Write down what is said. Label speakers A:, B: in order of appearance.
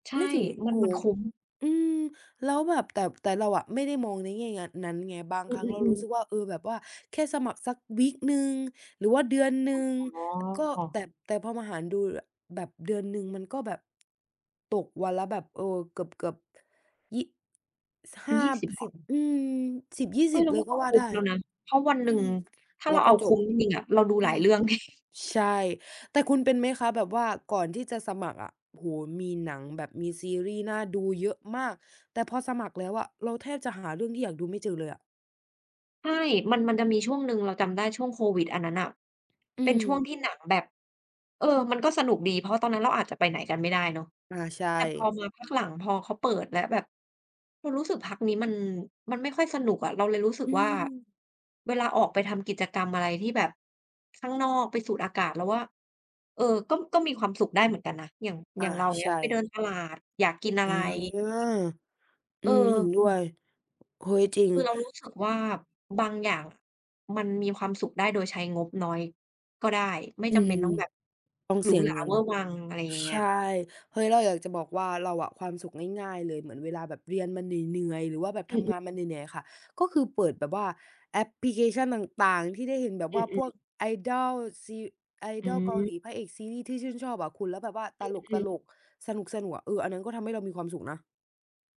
A: ใช่
B: ไม่ถึง
A: มั
B: โ
A: น
B: อ้
A: มั
B: โ
A: น
B: ฮ
A: คุ้ม
B: อือ แล้วแบบ แต่ แต่เราอะไม่ได้มองในแง่งั้น นั้นไง บาง
A: อ
B: ค
A: ื
B: รั้งเรารู
A: อ
B: ้
A: ๆ
B: สึ
A: ๆ
B: กว่า เออ แบบว่าแค่สมัครสัก วีก หนึ่ง หรือว่าเดือนหนึ่ง
A: อ
B: อ ก็
A: ๋อ
B: แต่ แต่พอมาหารดู บ แบบเดือนหนึ่งมันก็แบบ ตกวันละแบบ เออ เกือบ ๆ ยี่ ส ห้า
A: 20 บ
B: สิ
A: า
B: บ
A: ท
B: อือ สิบยี่
A: เฮ
B: ส
A: ้
B: ิ
A: ย
B: บ
A: แล้
B: เ
A: ว
B: ล
A: ม
B: ย
A: ัน
B: ก็
A: ก็
B: ว่า
A: คุ้
B: ได
A: ม
B: ้
A: แล้วนะ เพราะวันหน
B: อ
A: ึ
B: ื
A: ่ง
B: อ
A: ถ้า
B: เร
A: เร
B: า
A: าเ
B: ก
A: อ
B: ็
A: า
B: จ
A: คุ
B: บ
A: ้มจริง ๆ อะ เราดู
B: อ
A: หล
B: ื
A: าย
B: อ
A: เรื่อง ไง
B: ใช่ แต่คุณเป็นไหมคะ? แบบว่าก่อนที่จะสมัครอะ โอ้โฮ มีหนัง แบบมีซีรีส์น่าดูเยอะมาก แต่พอสมัครแล้วอะเราแทบจะหาเรื่องที่อยากดูไม่เจอเลยอะ
A: ใช่ มัน มันจะมีช่วงหนึ่ง เราจำได้ช่วงโควิดอันนั้นน่ะ
B: อ
A: เป
B: ื
A: ็นช่วง
B: ม
A: ที่หนังแบบ เออ มันก็สนุกดี เพราะตอนนั้นเราอาจจะไปไหนกันไม่ได้เนาะ
B: อา ใช
A: แต่พอ
B: ่
A: มาพักหลัง พอเขาเปิดแล้ว แบบเรารู้สึกพักนี้มัน มันไม่ค่อยสนุกอะ เราเลยรู้สึ
B: อ
A: ก
B: ื
A: ว่า
B: ม
A: เวลาออกไปทำกิจกรรมอะไรที่แบบข้างนอก ไปสูดอากาศ เราว่า เออ ก็ ก็มีความสุขได้เหมือนกันนะ อย่าง
B: อ
A: อย
B: า
A: ่างเรา อย่างเ
B: ใ
A: ง
B: ช
A: ี้ย ไปเ
B: ่
A: ดินตลาด อยากกินอะ
B: อ
A: ไ
B: า
A: ร
B: อืม เห็น
A: เออ
B: ด้วย เฮ้ย จริง
A: คือเรารู้สึกว่าบางอย่างอะมันมีความสุขได้โดยใช้งบน้อยก็ได้ ไม่
B: อื
A: จำเป็น
B: ม
A: ต้องแบบ
B: ต้อง
A: หร
B: เ
A: ู
B: สีย
A: หรา
B: เงิ
A: เ
B: น
A: ว่อร์วัง อะไรอย่างเ
B: ใ
A: งี
B: ช
A: ้
B: ่
A: ย
B: เฮ้ย เราอยากจะบอกว่าเราอะ ความสุขง่าย ๆ เลย เหมือนเวลาแบบเรียนมาเหนื่อย ๆ หรือว่าแบบ
A: อื
B: ทำ
A: อ
B: ง
A: ๆ
B: านมาเหนื่อย ๆ ค่ะ ก็คือเปิดแบบว่าแอปพลิเคชันต่าง ๆ ที่ได้เห็นแบบ
A: อ
B: ว่าพ
A: ื
B: ว
A: อ
B: ก
A: ๆ
B: Idol ซี
A: อื
B: Idol เกาหล
A: ม
B: ี พระเอกซีรีส์ที่ชื่นชอบอะคุณ แล้วแบบว่าต
A: อืม
B: ล
A: ๆ
B: ก ๆ สนุก ๆ อะ เออ อันนั้นก็ทำให้เรามีความสุขนะ